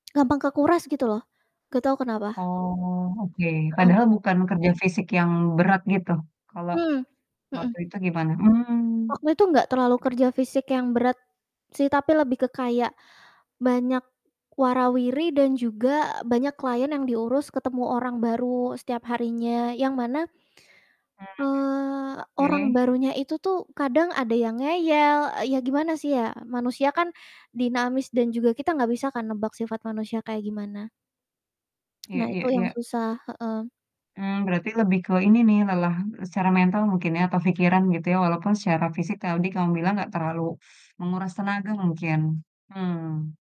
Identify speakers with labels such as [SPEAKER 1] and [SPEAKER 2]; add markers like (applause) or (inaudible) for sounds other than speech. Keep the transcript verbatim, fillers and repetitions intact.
[SPEAKER 1] Gampang kekuras gitu loh, gak tau kenapa.
[SPEAKER 2] Oh, oke.
[SPEAKER 1] Heeh.
[SPEAKER 2] Padahal bukan kerja fisik yang berat gitu, kalo
[SPEAKER 1] Mmm, mhm.
[SPEAKER 2] waktu itu gimana? Mmm.
[SPEAKER 1] Waktu itu gak terlalu kerja fisik yang berat, sih, tapi lebih ke kayak banyak wara-wiri dan juga banyak klien yang diurus ketemu orang baru setiap harinya, yang mana eee,
[SPEAKER 2] Hmm,
[SPEAKER 1] orang
[SPEAKER 2] oke.
[SPEAKER 1] barunya itu tuh kadang ada yang ngeyel, e ya gimana sih ya, manusia kan, dinamis dan juga kita gak bisa kan nebak sifat manusia kayak gimana?
[SPEAKER 2] Iya
[SPEAKER 1] Nah, itu
[SPEAKER 2] iya
[SPEAKER 1] yang
[SPEAKER 2] iya.
[SPEAKER 1] susah, heeh.
[SPEAKER 2] Mmm, berarti lebih ke ini nih lelah, e secara mental mungkin ya atau pikiran gitu ya walaupun secara fisik taudi kamu bilang gak terlalu (sucks teeth) menguras tenaga mungkin. Mhm.